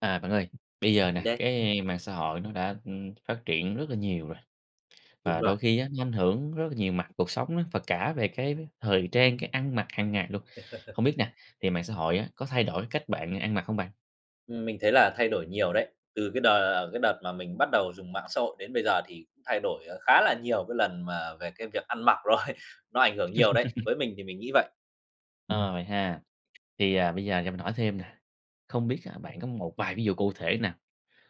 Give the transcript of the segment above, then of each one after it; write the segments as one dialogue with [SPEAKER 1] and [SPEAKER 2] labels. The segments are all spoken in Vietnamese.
[SPEAKER 1] À bạn ơi, bây giờ
[SPEAKER 2] Mình
[SPEAKER 1] nè,
[SPEAKER 2] đây.
[SPEAKER 1] cái mạng xã hội nó đã, ừm, phát triển rất là nhiều rồi.
[SPEAKER 2] Đúng
[SPEAKER 1] Và
[SPEAKER 2] rồi.
[SPEAKER 1] đôi khi á nó ảnh hưởng rất là nhiều mặt cuộc sống á, và cả về cái thời trang, cái ăn mặc hàng ngày luôn. Không biết nè, thì mạng xã hội á, có thay đổi cách bạn ăn mặc không bạn?
[SPEAKER 2] Ừm, mình thấy là thay đổi nhiều đấy, từ cái đờ cái đợt mà mình bắt đầu dùng mạng xã hội đến bây giờ thì cũng thay đổi, ờ, khá là nhiều cái lần mà về cái việc ăn mặc rồi, nó ảnh hưởng nhiều đấy, với mình thì mình nghĩ vậy.
[SPEAKER 1] Ờ, vậy ha, thì, à, bây giờ cho mình hỏi thêm nè, không biết là bạn có một vài ví dụ cụ thể nào,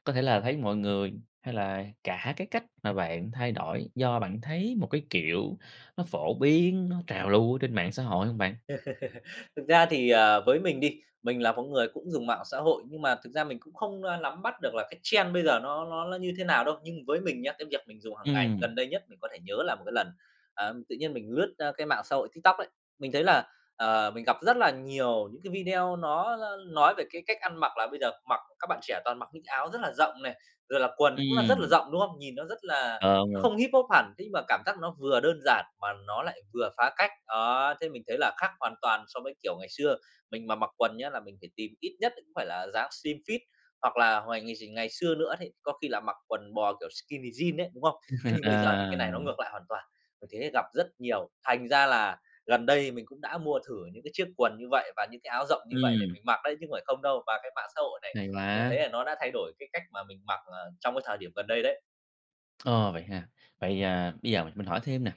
[SPEAKER 1] có thể là thấy mọi người, hay là cả cái cách mà bạn thay đổi do bạn thấy một cái kiểu nó phổ biến, nó trào lưu ở trên mạng xã hội hông bạn?
[SPEAKER 2] Thực ra thì, ờ, với mình đi, mình là một người cũng dùng mạng xã hội, nhưng mà thực ra mình cũng không, a, nắm bắt được là cái trend bây giờ nó nó ló như thế nào đâu. Nhưng với mình nhá, cái việc mình dùng hàng ngày
[SPEAKER 1] Ừm.
[SPEAKER 2] gần đây nhất mình có thể nhớ là một cái lần, ờm, tự nhiên mình lướt, a, cái mạng xã hội TikTok ấy, mình thấy là, ờ, mình gặp rất là nhiều những cái video nó nói về cái cách ăn mặc là bây giờ mặc các bạn trẻ toàn mặc những cái áo rất là rộng này, rồi là quần cũng là rất là
[SPEAKER 1] Ừm.
[SPEAKER 2] rộng, đúng không? Nhìn nó rất là
[SPEAKER 1] Ờ, đúng
[SPEAKER 2] nó
[SPEAKER 1] rồi.
[SPEAKER 2] không Hip hop hẳn, thế nhưng mà cảm giác nó vừa đơn giản mà nó lại vừa phá cách, đó, thế mình thấy là khác hoàn toàn so với kiểu ngày xưa mình mà mặc quần nhá, là mình phải tìm ít nhất cũng phải là dáng slim fit hoặc là hồi ngày x ngày xưa nữa đấy, có khi là mặc quần bò kiểu skinny jeans ấy, đúng không? Thế nhưng bây giờ thì cái này nó
[SPEAKER 1] Ờ.
[SPEAKER 2] ngược lại hoàn toàn, mình thấy gặp rất nhiều, thành ra là gần đây mình cũng đã mua thử những cái chiếc quần như vậy và những cái áo rộng như vậy để
[SPEAKER 1] Ừm.
[SPEAKER 2] mình mặc đấy chứ không phải không đâu. Và cái mạng xã hội này,
[SPEAKER 1] Hay
[SPEAKER 2] mình đã thấy
[SPEAKER 1] quá!
[SPEAKER 2] là nó đã thay đổi cái cách mà mình mặc, ờ, trong cái thời điểm gần đây đấy.
[SPEAKER 1] Ồ, vậy ha. Vậy, à, bây giờ mình mình hỏi thêm nè.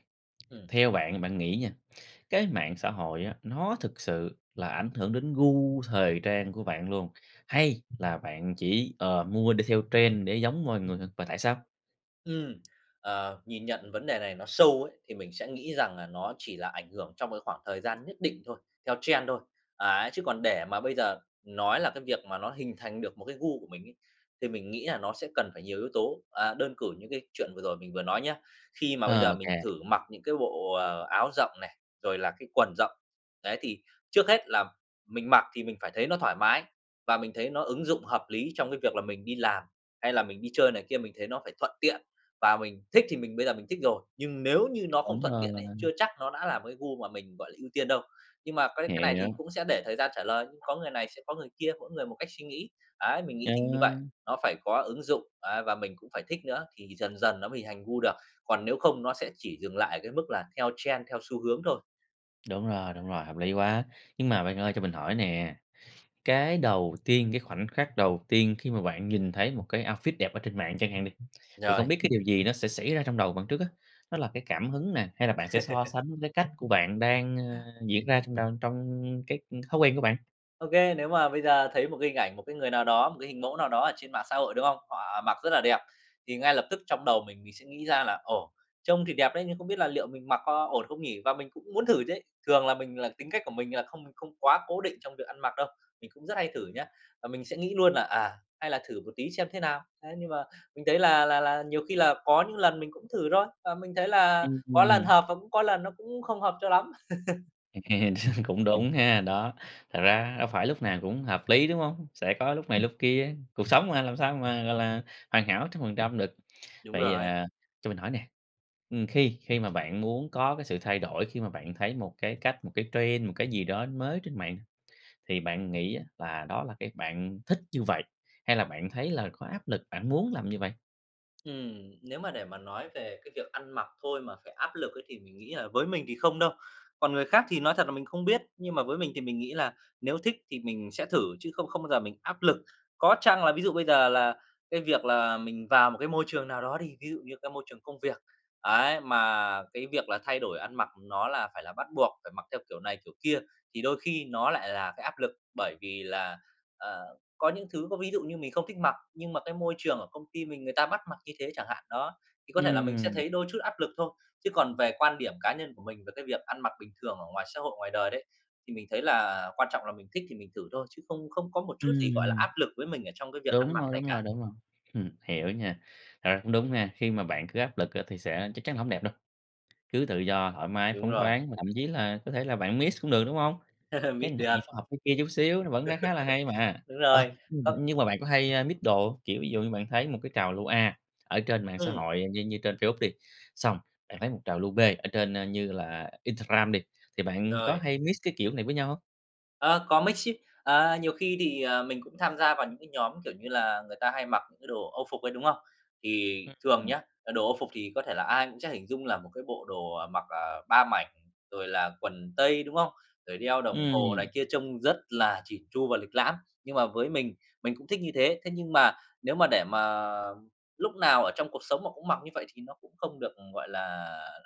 [SPEAKER 2] Ừm.
[SPEAKER 1] Theo bạn bạn nghĩ nha, cái mạng xã hội á, nó thực sự là ảnh hưởng đến gu thời trang của bạn luôn hay là bạn chỉ, ờ, mua đi theo trend để giống mọi người? Và tại sao?
[SPEAKER 2] Ừm. Ờ, nhìn nhận vấn đề này nó sâu ấy, thì mình sẽ nghĩ rằng là nó chỉ là ảnh hưởng trong cái khoảng thời gian nhất định thôi, theo trend thôi. Ấy, chứ còn để mà bây giờ nói là cái việc mà nó hình thành được một cái gu của mình ấy, thì mình nghĩ là nó sẽ cần phải nhiều yếu tố. À, đơn cử như cái chuyện vừa rồi mình vừa nói nhá, khi mà bây
[SPEAKER 1] Ờ,
[SPEAKER 2] giờ
[SPEAKER 1] ô
[SPEAKER 2] mình
[SPEAKER 1] kê.
[SPEAKER 2] thử mặc những cái bộ, ờ, áo rộng này, rồi là cái quần rộng. Đấy, thì trước hết là mình mặc thì mình phải thấy nó thoải mái, và mình thấy nó ứng dụng hợp lý trong cái việc là mình đi làm, hay là mình đi chơi này kia, mình thấy nó phải thuận tiện. Và mình thích thì mình bây giờ mình thích rồi, nhưng nếu như nó không
[SPEAKER 1] Đúng
[SPEAKER 2] thuận
[SPEAKER 1] rồi,
[SPEAKER 2] tiện
[SPEAKER 1] là
[SPEAKER 2] ấy, chưa
[SPEAKER 1] mình
[SPEAKER 2] chắc nó đã là một cái gu mà mình, gọi là, ưu tiên đâu. Nhưng mà cái cái này thì
[SPEAKER 1] Hiểu.
[SPEAKER 2] cũng sẽ để thời gian trả lời, có người này sẽ có người kia, mỗi người một cách suy nghĩ. Đấy, mình nghĩ
[SPEAKER 1] Ờ.
[SPEAKER 2] thì như vậy, nó phải có ứng dụng, đấy, và mình cũng phải thích nữa thì dần dần nó mới thành gu được, còn nếu không nó sẽ chỉ dừng lại ở cái mức là theo trend, theo xu hướng thôi.
[SPEAKER 1] Đúng rồi, đúng rồi, hợp lý quá! Nhưng mà bạn ơi, cho mình hỏi nè, cái đầu tiên cái khoảnh khắc đầu tiên khi mà bạn nhìn thấy một cái outfit đẹp ở trên mạng chẳng hạn đi, thì không
[SPEAKER 2] Rồi.
[SPEAKER 1] biết cái điều gì nó sẽ xảy ra trong đầu bạn trước á? Nó là cái cảm hứng nè, hay là bạn sẽ so sánh cái cách của bạn đang, ờ, diễn ra trong đon trong cái, ưm, thói quen của bạn?
[SPEAKER 2] Ô kê, nếu mà bây giờ thấy một cái hình ảnh, một cái người nào đó, một cái hình mẫu nào đó ở trên mạng xã hội, đúng không? Họ mặc rất là đẹp, thì ngay lập tức trong đầu mình mình sẽ nghĩ ra là "Ồ, trông thì đẹp đấy nhưng không biết là liệu mình mặc có ổn không nhỉ?" Và mình cũng muốn thử chứ. Thường là mình là tính cách của mình là không không quá cố định trong việc ăn mặc đâu, mình cũng rất hay thử nhá, và mình sẽ nghĩ luôn là "À, hay là thử một tí xem thế nào." Thế nhưng mà mình thấy là là là nhiều khi là có những lần mình cũng thử thôi, và mình thấy là
[SPEAKER 1] Ừm,
[SPEAKER 2] có lần
[SPEAKER 1] ừm.
[SPEAKER 2] hợp và cũng có lần nó cũng không hợp cho lắm.
[SPEAKER 1] Cũng đúng ha, đó, thật ra đâu phải lúc nào cũng hợp lý, đúng hông? Sẽ có lúc này lúc kia. Cuộc sống mà, làm sao mà, gọi là, hoàn hảo 100% được.
[SPEAKER 2] Đúng
[SPEAKER 1] Vậy,
[SPEAKER 2] rồi.
[SPEAKER 1] ờ, cho mình hỏi nè, ừm, khi khi mà bạn muốn có cái sự thay đổi, khi mà bạn thấy một cái cách, một cái trend, một cái gì đó mới trên mạng, thì bạn nghĩ á là đó là cái bạn thích như vậy hay là bạn thấy là có áp lực bạn muốn làm như vậy?
[SPEAKER 2] Ừm, nếu mà để mà nói về cái việc ăn mặc thôi mà phải áp lực ấy thì mình nghĩ là với mình thì không đâu. Còn người khác thì nói thật là mình không biết, nhưng mà với mình thì mình nghĩ là nếu thích thì mình sẽ thử chứ không không bao giờ mình áp lực. Có chăng là ví dụ bây giờ là cái việc là mình vào một cái môi trường nào đó đi, ví dụ như cái môi trường công việc, ấy, mà cái việc là thay đổi ăn mặc nó là phải là bắt buộc, phải mặc theo kiểu này kiểu kia, thì đôi khi nó lại là cái áp lực. Bởi vì là, ờ, có những thứ có ví dụ như mình không thích mặc, nhưng mà cái môi trường ở công ty mình người ta bắt mặc như thế chẳng hạn đó, thì có thể là mình sẽ
[SPEAKER 1] Ừm.
[SPEAKER 2] thấy đôi chút áp lực thôi. Chứ còn về quan điểm cá nhân của mình về cái việc ăn mặc bình thường ở ngoài xã hội, ngoài đời đấy, thì mình thấy là quan trọng là mình thích thì mình thử thôi, chứ không không có một chút gì gọi là
[SPEAKER 1] Ừm.
[SPEAKER 2] áp lực với mình ở trong cái việc ăn
[SPEAKER 1] Đúng
[SPEAKER 2] mặc
[SPEAKER 1] rồi,
[SPEAKER 2] này
[SPEAKER 1] đúng
[SPEAKER 2] cả.
[SPEAKER 1] rồi, đúng rồi, hiểu nha. Thật ra cũng đúng ha, khi mà bạn cứ áp lực á thì sẽ chắc chắn là hổng đẹp đâu. cứ tự do, thoải mái,
[SPEAKER 2] Đúng
[SPEAKER 1] phóng
[SPEAKER 2] rồi.
[SPEAKER 1] khoáng và thậm chí là có thể là bạn mix cũng được, đúng hông? Cái
[SPEAKER 2] Mix
[SPEAKER 1] này phải
[SPEAKER 2] được.
[SPEAKER 1] học cái kia chút xíu, nó vẫn khá khá là hay mà!
[SPEAKER 2] Đúng
[SPEAKER 1] Ờ,
[SPEAKER 2] rồi,
[SPEAKER 1] như m
[SPEAKER 2] có
[SPEAKER 1] nhưng mà bạn có hay, a, mix đồ hông? Kiểu, ví dụ như bạn thấy một cái trào lưu A ở trên mạng xã
[SPEAKER 2] Ừm.
[SPEAKER 1] hội như như trên Facebook đi, xong bạn thấy một trào lưu B ở trên, ơ, như là Instagram đi, thì bạn có
[SPEAKER 2] Rồi.
[SPEAKER 1] hay mix cái kiểu này với nhau hông?
[SPEAKER 2] À, có mix chứ. À, nhiều khi thì, ờ, mình cũng tham gia vào những cái nhóm, kiểu như là, người ta hay mặc những cái đồ âu phục ấy, đúng không? Thì thường
[SPEAKER 1] Ừm.
[SPEAKER 2] nhá, là đồ âu phục thì có thể là ai cũng sẽ hình dung là một cái bộ đồ, ờ, mặc, à, 3 mảnh rồi là quần tây, đúng không? Rồi đeo đồng hồ này
[SPEAKER 1] Ừm.
[SPEAKER 2] kia, trông rất là chỉn chu và lịch lãm. Nhưng mà với mình, mình cũng thích như thế, thế nhưng mà nếu mà để mà lúc nào ở trong cuộc sống mà cũng mặc như vậy thì nó cũng không được, ừm, gọi là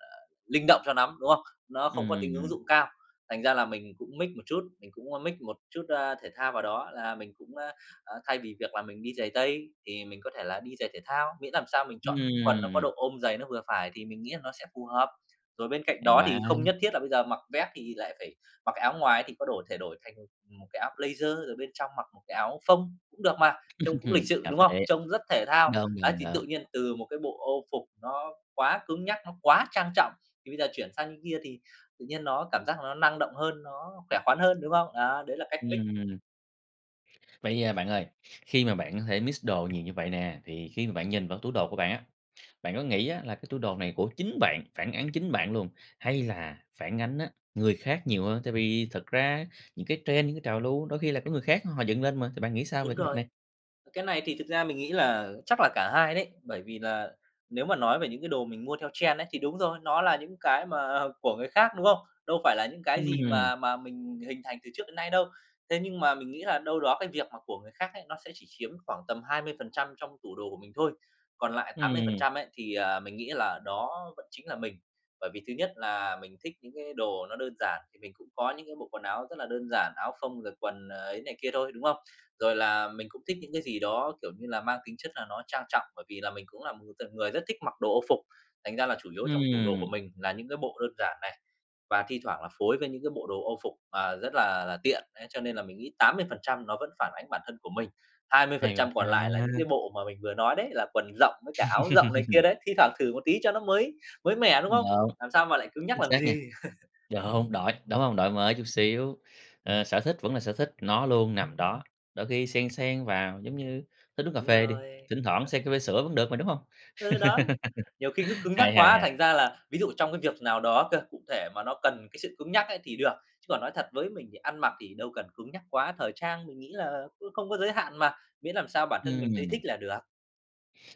[SPEAKER 2] là, linh động cho nắm, đúng không? Nó không có tính ứng
[SPEAKER 1] Ừm.
[SPEAKER 2] dụng cao, thành ra là mình cũng mix một chút, mình cũng, ơ, mix một chút, a, thể thao vào đó, là mình cũng, a, a, thay vì việc là mình đi giày tây, thì mình có thể là đi giày thể thao, miễn làm sao mình chọn cái quần nó có
[SPEAKER 1] Ừm.
[SPEAKER 2] độ ôm dày, nó vừa phải thì mình nghĩ là nó sẽ phù hợp. Rồi bên cạnh
[SPEAKER 1] Hay
[SPEAKER 2] đó
[SPEAKER 1] quá!
[SPEAKER 2] thì không nhất thiết là bây giờ mặc vest thì lại phải mặc cái áo ngoài, thì có đổi thể đổi thành, ừm, một cái áo blazer, rồi bên trong mặc một cái áo phông cũng được mà, trông cũng lịch sự,
[SPEAKER 1] Cà
[SPEAKER 2] đúng không?
[SPEAKER 1] phê.
[SPEAKER 2] Trông rất thể thao,
[SPEAKER 1] Đúng,
[SPEAKER 2] ấy
[SPEAKER 1] đúng,
[SPEAKER 2] thì tự
[SPEAKER 1] đúng.
[SPEAKER 2] nhiên từ một cái bộ âu phục nó quá cứng nhắc, nó quá trang trọng, thì bây giờ chuyển sang cái kia thì tự nhiên nó cảm giác là nó năng động hơn, nó khỏe khoắn hơn, đúng không? Đó, đấy là cách mix.
[SPEAKER 1] Ừm. Vậy, a, bạn ơi, khi mà bạn có thể mix đồ nhiều như vậy nè, thì khi mà bạn nhìn vào tủ đồ của bạn á bạn có nghĩ á là cái tủ đồ này của chính bạn, phản ánh chính bạn luôn? Hay là phản ánh á, người khác nhiều hơn? Tại vì thật ra những cái trend, những cái trào lưu, đôi khi là của người khác họ dựng lên mà, thì bạn nghĩ sao về
[SPEAKER 2] Đúng
[SPEAKER 1] cái việc
[SPEAKER 2] rồi,
[SPEAKER 1] này?
[SPEAKER 2] cái này thì thực ra mình nghĩ là chắc là cả hai đấy, bởi vì là nếu mà nói về những cái đồ mình mua theo trend ấy thì đúng rồi, nó là những cái mà của người khác, đúng không? Đâu phải là những cái
[SPEAKER 1] Ừm
[SPEAKER 2] gì
[SPEAKER 1] hưm.
[SPEAKER 2] mà mà mình hình thành từ trước đến nay đâu, thế nhưng mà mình nghĩ là đâu đó cái việc mà của người khác ấy nó sẽ chỉ chiếm khoảng tầm 20% trong tủ đồ của mình thôi, còn lại tám mươi phần
[SPEAKER 1] Ừm.
[SPEAKER 2] trăm ấy thì, ờ, mình nghĩ là đó vẫn chính là mình. Bởi vì thứ nhất là mình thích những cái đồ nó đơn giản thì mình cũng có những cái bộ quần áo rất là đơn giản, áo phông, rồi quần, ờ, ấy này kia thôi, đúng không? Rồi là mình cũng thích những cái gì đó, kiểu như là, mang tính chất là nó trang trọng, bởi vì là mình cũng là một th người rất thích mặc đồ âu phục, thành ra là chủ yếu trong tủ đồ
[SPEAKER 1] Ừm.
[SPEAKER 2] của mình là những cái bộ đơn giản này và thi thoảng là phối với những cái bộ đồ âu phục mà rất là là tiện đấy. Cho nên là mình nghĩ 80% nó vẫn phản ánh bản thân của mình, hai mươi phần
[SPEAKER 1] Hèo
[SPEAKER 2] trăm còn lại là những cái
[SPEAKER 1] ha.
[SPEAKER 2] bộ mà mình vừa nói đấy, là quần rộng với cả áo rộng này kia đấy, thi thoảng thừ một tí cho nó mới, mới mẻ, đúng
[SPEAKER 1] Đúng,
[SPEAKER 2] không? Làm sao mà lại cứng nhắc
[SPEAKER 1] chính
[SPEAKER 2] làm
[SPEAKER 1] xác nha.
[SPEAKER 2] gì.
[SPEAKER 1] Đúng, đổi, đúng hông? Đổi mới chút xíu. Ờ, sở thích vẫn là sở thích, nó luôn nằm đó, đôi khi xen xen vào, giống như thích uống cà
[SPEAKER 2] Đúng
[SPEAKER 1] phê đi,
[SPEAKER 2] rồi.
[SPEAKER 1] thỉnh thoảng
[SPEAKER 2] Chuẩn.
[SPEAKER 1] xen cà phê sữa vẫn được mà, đúng hông?
[SPEAKER 2] Ừ, đó, nhiều khi cứ cứng nhắc
[SPEAKER 1] Hay, hay,
[SPEAKER 2] quá
[SPEAKER 1] hay!
[SPEAKER 2] thành ra là ví dụ trong cái việc nào đó cơ, cụ thể mà nó cần cái sự cứng nhắc ấy thì được, chứ còn nói thật với mình thì ăn mặc thì đâu cần cứng nhắc quá, thời trang mình nghĩ là cứ không có giới hạn mà, miễn làm sao bản thân mình thấy
[SPEAKER 1] Ừm.
[SPEAKER 2] thích là được.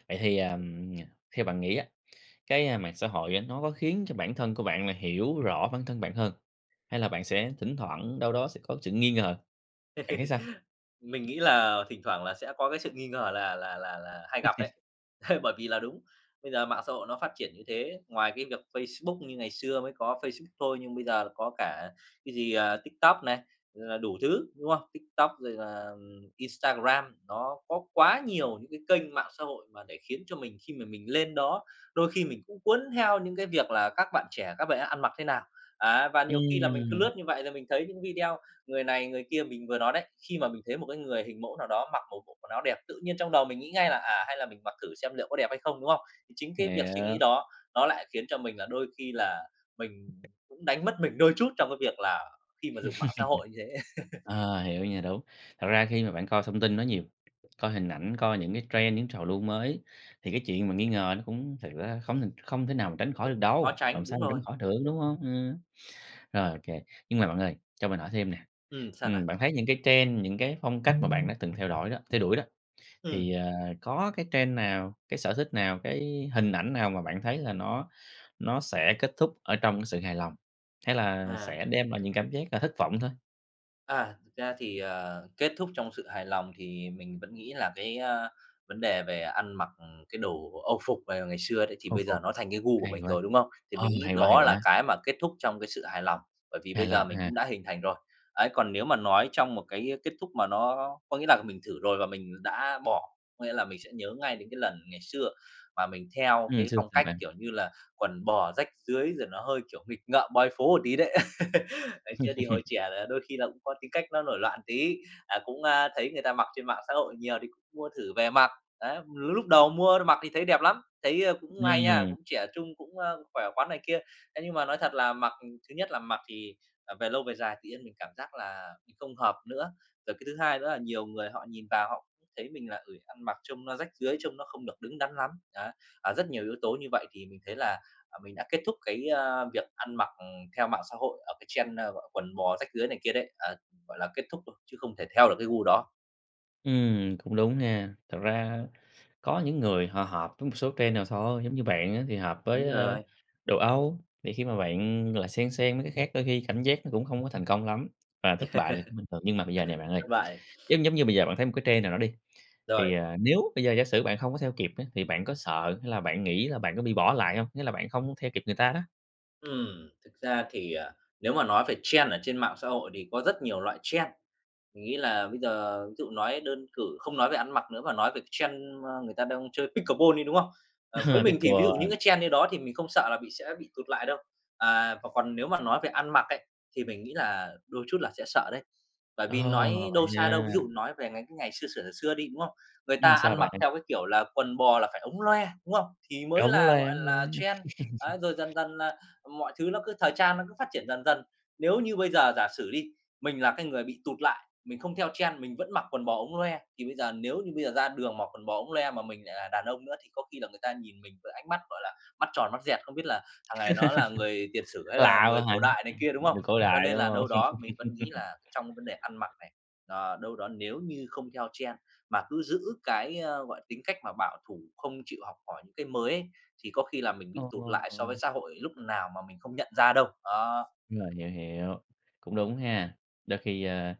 [SPEAKER 1] Vậy thì, ờm, nh theo bạn nghĩ á, cái, a, mạng xã hội á nó có khiến cho bản thân của bạn là hiểu rõ bản thân bạn hơn? Hay là bạn sẽ thỉnh thoảng đâu đó sẽ có sự nghi ngờ, bạn thấy sao?
[SPEAKER 2] Mình nghĩ là thỉnh thoảng là sẽ có cái sự nghi ngờ là là là là hay gặp ấy. Bởi vì là đúng, bây giờ mạng xã hội nó phát triển như thế, ngoài cái việc Facebook, như ngày xưa mới có Facebook thôi nhưng bây giờ có cả cái gì, ờ, TikTok này, rồi là đủ thứ, đúng không? TikTok rồi là, ừm, Instagram, nó có quá nhiều những cái kênh mạng xã hội mà để khiến cho mình khi mà mình lên đó, đôi khi mình cũng cuốn theo những cái việc là các bạn trẻ các bạn ấy ăn mặc thế nào. Á, và nhiều khi là mình cứ
[SPEAKER 1] Ừm.
[SPEAKER 2] lướt như vậy rồi mình thấy những video người này người kia mình vừa nói đấy, khi mà mình thấy một cái người hình mẫu nào đó mặc một bộ quần áo đẹp, tự nhiên trong đầu mình nghĩ ngay là, à, hay là mình mặc thử xem liệu có đẹp hay không, đúng không? Thì chính cái việc suy nghĩ
[SPEAKER 1] Hiểu.
[SPEAKER 2] đó nó lại khiến cho mình là đôi khi là mình cũng đánh mất mình đôi chút trong cái việc là khi mà dùng mạng xã hội như thế.
[SPEAKER 1] À, hiểu nha, đúng. Thật ra khi mà bạn coi thông tin nó nhiều, coi hình ảnh, coi những cái trend, những trào lưu mới, thì cái chuyện mà nghi ngờ nó cũng thật ra không th không thể nào mà tránh khỏi được
[SPEAKER 2] Khó
[SPEAKER 1] đâu, làm
[SPEAKER 2] tránh,
[SPEAKER 1] sao
[SPEAKER 2] đúng
[SPEAKER 1] mà tránh
[SPEAKER 2] rồi.
[SPEAKER 1] khỏi được, đúng hông? Ừm. Rồi, ô kê, nhưng mà bạn ơi, cho mình hỏi thêm nè,
[SPEAKER 2] Ừm, sao nào?
[SPEAKER 1] ừm, bạn thấy những cái trend, những cái phong cách mà bạn đã từng theo đổi đó theo đuổi đó,
[SPEAKER 2] Ừm.
[SPEAKER 1] thì ờ có cái trend nào, cái sở thích nào, cái hình ảnh nào mà bạn thấy là nó nó sẽ kết thúc ở trong sự hài lòng? Hay là
[SPEAKER 2] À.
[SPEAKER 1] sẽ đem lại những cảm giác là thất vọng thôi?
[SPEAKER 2] À, thực ra thì, ờ, kết thúc trong sự hài lòng thì mình vẫn nghĩ là cái, a, vấn đề về ăn mặc cái đồ âu phục vào ngày xưa đấy, thì
[SPEAKER 1] Âu
[SPEAKER 2] bây
[SPEAKER 1] phục.
[SPEAKER 2] giờ nó thành cái gu của
[SPEAKER 1] Hay
[SPEAKER 2] mình
[SPEAKER 1] quá.
[SPEAKER 2] rồi, đúng không? Thì
[SPEAKER 1] Ừ,
[SPEAKER 2] mình nghĩ
[SPEAKER 1] hay quá, hay
[SPEAKER 2] đó là
[SPEAKER 1] quá!
[SPEAKER 2] cái mà kết thúc trong cái sự hài lòng, bởi vì
[SPEAKER 1] Hài
[SPEAKER 2] bây giờ
[SPEAKER 1] lòng
[SPEAKER 2] mình
[SPEAKER 1] ha!
[SPEAKER 2] cũng đã hình thành rồi. Ấy, còn nếu mà nói trong một cái kết thúc mà nó có nghĩa là mình thử rồi và mình đã bỏ, có nghĩa là mình sẽ nhớ ngay đến cái lần ngày xưa mà mình theo
[SPEAKER 1] Ừm,
[SPEAKER 2] cái
[SPEAKER 1] xưa
[SPEAKER 2] phong
[SPEAKER 1] sao
[SPEAKER 2] cách,
[SPEAKER 1] bạn?
[SPEAKER 2] kiểu như là, quần bò rách rưới rồi nó hơi, kiểu, nghịch ngợm boy phố một tí đấy. Ngày xưa thì hồi trẻ là đôi khi là cũng có tính cách nó nổi loạn tí, à, cũng, a, thấy người ta mặc trên mạng xã hội nhiều thì cũng mua thử về mặc. Đấy, l lúc đầu mua mặc thì thấy đẹp lắm, thấy, ơ, cũng hay nha,
[SPEAKER 1] Ừm.
[SPEAKER 2] cũng trẻ trung cũng, ơ, khỏe khoắn này kia. Thế nhưng mà nói thật là mặc thứ nhất là mặc thì, à, về lâu về dài tự nhiên mình cảm giác là không hợp nữa. Rồi cái thứ hai nữa là nhiều người họ nhìn vào họ cũng thấy mình là, ừ, ăn mặc trông nó rách rưới, trông nó không được đứng đắn lắm, đó. À, rất nhiều yếu tố như vậy thì mình thấy là, à, mình đã kết thúc cái, a, việc ăn mặc theo mạng xã hội ở cái trend, ơ, gọi quần bò rách rưới này kia đấy, ờ, gọi là, kết thúc rồi, chứ không thể theo được cái gu đó.
[SPEAKER 1] Ừm, cũng đúng nha. Thật ra có những người họ hợp với một số trend nào thôi, giống như bạn á thì hợp với,
[SPEAKER 2] Đúng
[SPEAKER 1] ơ,
[SPEAKER 2] rồi.
[SPEAKER 1] đồ Âu, thì khi mà bạn, gọi là, xen xen mấy cái khác đôi khi cảm giác nó cũng hông có thành công lắm, và thất bại là cũng bình thường. Nhưng mà bây giờ nè bạn ơi,
[SPEAKER 2] Thất bại.
[SPEAKER 1] giống giống như bây giờ bạn thấy một cái trend nào đó đi,
[SPEAKER 2] Rồi.
[SPEAKER 1] thì, ờ, nếu bây giờ giả sử bạn hông có theo kịp á, thì bạn có sợ hay là bạn nghĩ là bạn có bị bỏ lại hông, nghĩa là bạn không theo kịp người ta đó?
[SPEAKER 2] Ừm, thực ra thì, ờ, nếu mà nói về trend ở trên mạng xã hội thì có rất nhiều loại trend. Mình nghĩ là bây giờ ví dụ nói đơn cử không nói về ăn mặc nữa mà nói về cái trend, a, người ta đang chơi pickleball đi, đúng không? À, với mình thì ví dụ những
[SPEAKER 1] Pickleball.
[SPEAKER 2] cái trend như đó thì mình không sợ là bị sẽ bị tụt lại đâu. À, và còn nếu mà nói về ăn mặc ấy, thì mình nghĩ là đôi chút là sẽ sợ đấy. Bởi
[SPEAKER 1] Ồ,
[SPEAKER 2] vì nói
[SPEAKER 1] vậy
[SPEAKER 2] đâu xa đâu,
[SPEAKER 1] ha!
[SPEAKER 2] ví dụ nói về mấy cái ngày xưa xửa xừa xưa đi, đúng không? Người
[SPEAKER 1] Ừm,
[SPEAKER 2] ta
[SPEAKER 1] sao
[SPEAKER 2] ăn mặc
[SPEAKER 1] bạn?
[SPEAKER 2] theo cái kiểu là quần bò là phải ống loe, đúng không? Thì mới
[SPEAKER 1] Ống
[SPEAKER 2] là,
[SPEAKER 1] loe,
[SPEAKER 2] gọi
[SPEAKER 1] ống loe.
[SPEAKER 2] là, trend, á. Rồi dần dần là, ờ, mọi thứ nó cứ thời trang nó cứ phát triển dần dần. Nếu như bây giờ giả sử đi, mình là cái người bị tụt lại, mình không theo trend, mình vẫn mặc quần bò ống loe, thì bây giờ nếu như bây giờ ra đường mặc quần bò ống loe mà mình lại là đàn ông nữa thì có khi là người ta nhìn mình với ánh mắt, gọi là, mắt tròn mắt dẹt, "không biết là thằng này nó là người tiền sử hay là
[SPEAKER 1] Lạ
[SPEAKER 2] người
[SPEAKER 1] quá hả?
[SPEAKER 2] cổ
[SPEAKER 1] Ờ,
[SPEAKER 2] đại" này kia, đúng không?
[SPEAKER 1] người cổ
[SPEAKER 2] Cho
[SPEAKER 1] đại,
[SPEAKER 2] nên
[SPEAKER 1] đúng
[SPEAKER 2] là
[SPEAKER 1] hông?
[SPEAKER 2] đâu đó mình vẫn nghĩ là trong cái vấn đề ăn mặc này, ờ, đâu đó nếu như không theo trend, mà cứ giữ cái, gọi là, tính cách mà bảo thủ không chịu học hỏi những cái mới ấy, thì có khi là mình bị tụt lại so với
[SPEAKER 1] Ồ.
[SPEAKER 2] xã hội lúc nào mà mình không nhận ra đâu, đó.
[SPEAKER 1] Đúng rồi, hiểu, hiểu. Cũng đúng ha, đôi khi, ơ,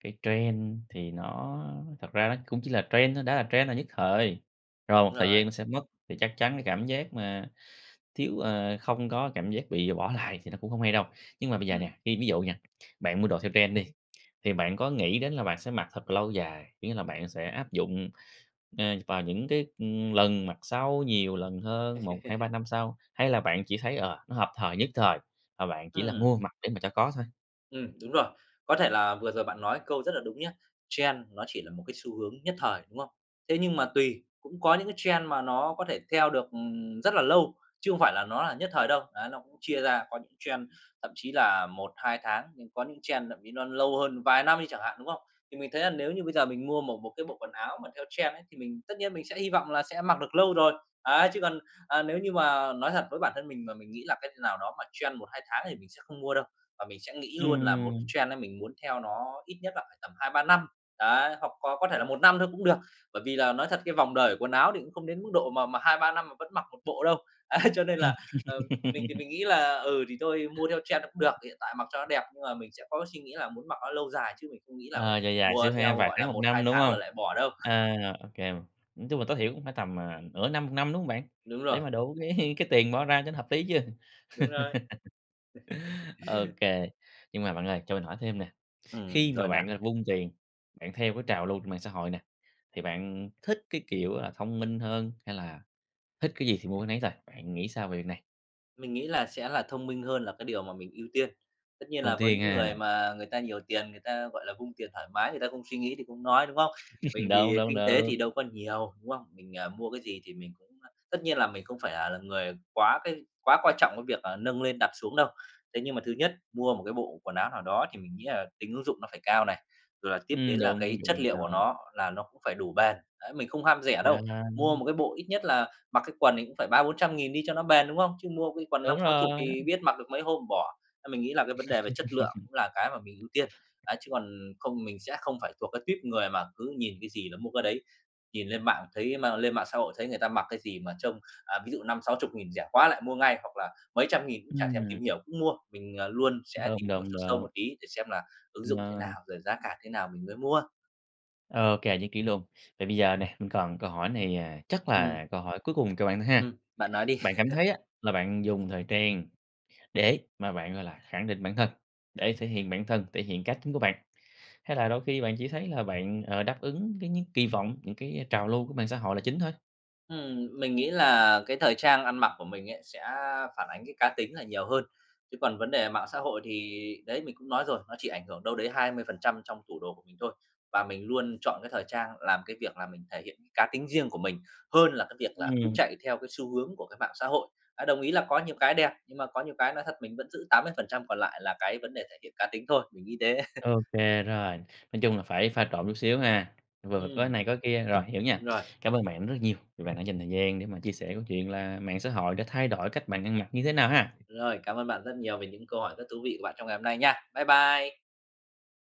[SPEAKER 1] cái trend thì nó thật ra nó cũng chỉ là trend thôi, đã là trend là nhất thời, rồi
[SPEAKER 2] Đúng
[SPEAKER 1] một thời
[SPEAKER 2] rồi.
[SPEAKER 1] gian nó sẽ mất. Thì chắc chắn cái cảm giác mà thiếu ờ, không có cảm giác bị bỏ lại thì nó cũng hông hay đâu. Nhưng mà bây giờ
[SPEAKER 2] Ừm.
[SPEAKER 1] nè, ví ví dụ nha, bạn mua đồ theo trend đi, thì bạn có nghĩ đến là bạn sẽ mặc thật là lâu dài, kiểu như là, bạn sẽ áp dụng, ờ, vào những cái, ừm, lần mặc sau nhiều lần hơn 1, 2, 3 năm sau, hay là bạn chỉ thấy, ờ, nó hợp thời nhất thời, và bạn chỉ là
[SPEAKER 2] Ừm.
[SPEAKER 1] mua mặc để mà cho có thôi?
[SPEAKER 2] Ừm, đúng rồi. Có thể là vừa rồi bạn nói câu rất là đúng nhá. Trend nó chỉ là một cái xu hướng nhất thời, đúng không? Thế nhưng mà tùy, cũng có những cái trend mà nó có thể theo được, ừm, rất là lâu, chứ không phải là nó là nhất thời đâu. Á, nó cũng chia ra có những trend thậm chí là 1-2 tháng, nhưng có những trend thậm chí nó lâu hơn vài năm đi chẳng hạn, đúng không? Thì mình thấy là nếu như bây giờ mình mua một một cái bộ quần áo mà theo trend ấy thì mình, tất nhiên mình sẽ hy vọng là sẽ mặc được lâu rồi. Ấy, chứ còn, à, nếu như mà nói thật, với bản thân mình mà mình nghĩ là cái nào đó mà trend 1-2 tháng thì mình sẽ không mua đâu. Và mình sẽ nghĩ luôn là một cái
[SPEAKER 1] Ừm!
[SPEAKER 2] trend ấy, mình muốn theo nó ít nhất là phải tầm 2-3 năm, đấy, hoặc có có thể là 1 năm thôi cũng được. Bởi vì là nói thật cái vòng đời của quần áo thì cũng không đến mức độ mà mà 2-3 năm mà vẫn mặc một bộ đâu. Ấy, cho nên là, ờ, mình thì mình nghĩ là, ừ, thì thôi mua theo trend nó cũng được, thì hiện tại mặc cho nó đẹp. Nhưng mà mình sẽ có cái suy nghĩ là muốn mặc nó lâu dài chứ mình không nghĩ là
[SPEAKER 1] Ờ, dài dài
[SPEAKER 2] mua
[SPEAKER 1] xíu ha,
[SPEAKER 2] theo,
[SPEAKER 1] vài
[SPEAKER 2] gọi
[SPEAKER 1] tháng
[SPEAKER 2] là,
[SPEAKER 1] một
[SPEAKER 2] 1-2
[SPEAKER 1] năm, đúng
[SPEAKER 2] tháng
[SPEAKER 1] hông?
[SPEAKER 2] rồi lại bỏ đâu.
[SPEAKER 1] Ờ, ô kê. Nói chung là tối thiểu cũng phải tầm, à, nửa năm, một năm đúng hông bạn?
[SPEAKER 2] Đúng
[SPEAKER 1] Để
[SPEAKER 2] rồi.
[SPEAKER 1] mà đủ cái cái tiền bỏ ra cho nó hợp lý chứ.
[SPEAKER 2] Đúng rồi!
[SPEAKER 1] Ô kê. Nhưng mà bạn ơi, cho mình hỏi thêm nè,
[SPEAKER 2] Ừm,
[SPEAKER 1] khi mà
[SPEAKER 2] rồi nè.
[SPEAKER 1] bạn, gọi là, vung tiền, bạn theo cái trào lưu trên mạng xã hội nè, thì bạn thích cái kiểu là thông minh hơn hay là thích cái gì thì mua cái nấy thôi, bạn nghĩ sao về việc này?
[SPEAKER 2] Mình nghĩ là sẽ là thông minh hơn là cái điều mà mình ưu tiên. Tất nhiên
[SPEAKER 1] Ưu
[SPEAKER 2] là với
[SPEAKER 1] tiên
[SPEAKER 2] những
[SPEAKER 1] ha.
[SPEAKER 2] người mà người ta nhiều tiền, người ta, gọi là, vung tiền thoải mái, người ta không suy nghĩ thì không nói, đúng không? Mình
[SPEAKER 1] Đúng,
[SPEAKER 2] thì
[SPEAKER 1] đúng,
[SPEAKER 2] kinh tế thì
[SPEAKER 1] đúng.
[SPEAKER 2] đâu có nhiều, đúng không? Mình, ờ, mua cái gì thì mình cũng tất nhiên là mình không phải là người quá cái quá coi trọng cái việc, ờ, nâng lên đặt xuống đâu. Thế nhưng mà thứ nhất, mua một cái bộ quần áo nào đó thì mình nghĩ là tính ứng dụng nó phải cao này, rồi là tiếp
[SPEAKER 1] Ừm,
[SPEAKER 2] đến là
[SPEAKER 1] đúng,
[SPEAKER 2] cái
[SPEAKER 1] ứng dụng
[SPEAKER 2] chất
[SPEAKER 1] phải
[SPEAKER 2] liệu của
[SPEAKER 1] cao.
[SPEAKER 2] nó là nó cũng phải đủ bền. Đấy, mình không ham rẻ đâu. Mua
[SPEAKER 1] Bền.
[SPEAKER 2] một cái bộ ít nhất là mặc cái quần thì cũng phải 300.000-400.000 đi cho nó bền, đúng không? Chứ mua cái quần năm
[SPEAKER 1] Đúng
[SPEAKER 2] sáu chục
[SPEAKER 1] rồi!
[SPEAKER 2] thì biết mặc được mấy hôm bỏ. Ấy, mình nghĩ là cái vấn đề về chất lượng cũng là cái mà mình ưu tiên. Đấy, chứ còn không mình sẽ không phải thuộc cái tuýp người mà cứ nhìn cái gì là mua cái đấy, nhìn lên mạng thấy mà lên mạng xã hội thấy người ta mặc cái gì mà trông, ờ, ví dụ 50.000-60.000 rẻ quá lại mua ngay, hoặc là mấy trăm nghìn cũng chả thèm tìm
[SPEAKER 1] Ừm.
[SPEAKER 2] hiểu, cũng mua. Mình, ờ, luôn sẽ
[SPEAKER 1] Đúng,
[SPEAKER 2] tìm hiểu
[SPEAKER 1] đúng,
[SPEAKER 2] sâu sâu
[SPEAKER 1] đúng.
[SPEAKER 2] một tí để xem là ứng dụng thế
[SPEAKER 1] Ờ.
[SPEAKER 2] nào, rồi giá cả thế nào mình mới mua.
[SPEAKER 1] Ô kê, nhất trí luôn. Vậy bây giờ nè, mình còn câu hỏi này, à, chắc
[SPEAKER 2] Ừm.
[SPEAKER 1] là câu hỏi cuối cùng cho bạn thôi ha.
[SPEAKER 2] Ừm, bạn nói đi.
[SPEAKER 1] Bạn cảm thấy á là bạn dùng thời trang để mà bạn, gọi là, khẳng định bản thân, để thể hiện bản thân, thể hiện cá tính của bạn, hay là đôi khi bạn chỉ thấy là bạn, ờ, đáp ứng cái những kỳ vọng, những cái trào lưu của mạng xã hội là chính thôi?
[SPEAKER 2] Ừm, mình nghĩ là cái thời trang ăn mặc của mình ấy sẽ phản ánh cái cá tính là nhiều hơn, chứ còn vấn đề mạng xã hội thì đấy, mình cũng nói rồi, nó chỉ ảnh hưởng đâu đấy 20% trong tủ đồ của mình thôi. Và mình luôn chọn cái thời trang làm cái việc là mình thể hiện cái cá tính riêng của mình hơn là cái việc là cứ
[SPEAKER 1] Ừm.
[SPEAKER 2] chạy theo cái xu hướng của cái mạng xã hội. À, đồng ý là có nhiều cái đẹp, nhưng mà có nhiều cái nói thật mình vẫn giữ 80% còn lại là cái vấn đề thể hiện cá tính thôi, mình nghĩ thế.
[SPEAKER 1] Ô kê rồi, nói chung là phải pha trộn chút xíu ha, vừa có
[SPEAKER 2] Ừm.
[SPEAKER 1] này có kia, rồi, hiểu nha.
[SPEAKER 2] Đúng rồi.
[SPEAKER 1] Cảm ơn bạn rất là nhiều vì bạn đã dành thời gian để mà chia sẻ câu chuyện là mạng xã hội đã thay đổi cách bạn ăn mặc như thế nào ha!
[SPEAKER 2] Rồi, cảm ơn bạn rất nhiều về những câu hỏi rất thú vị của bạn trong ngày hôm nay nha! Bye bye!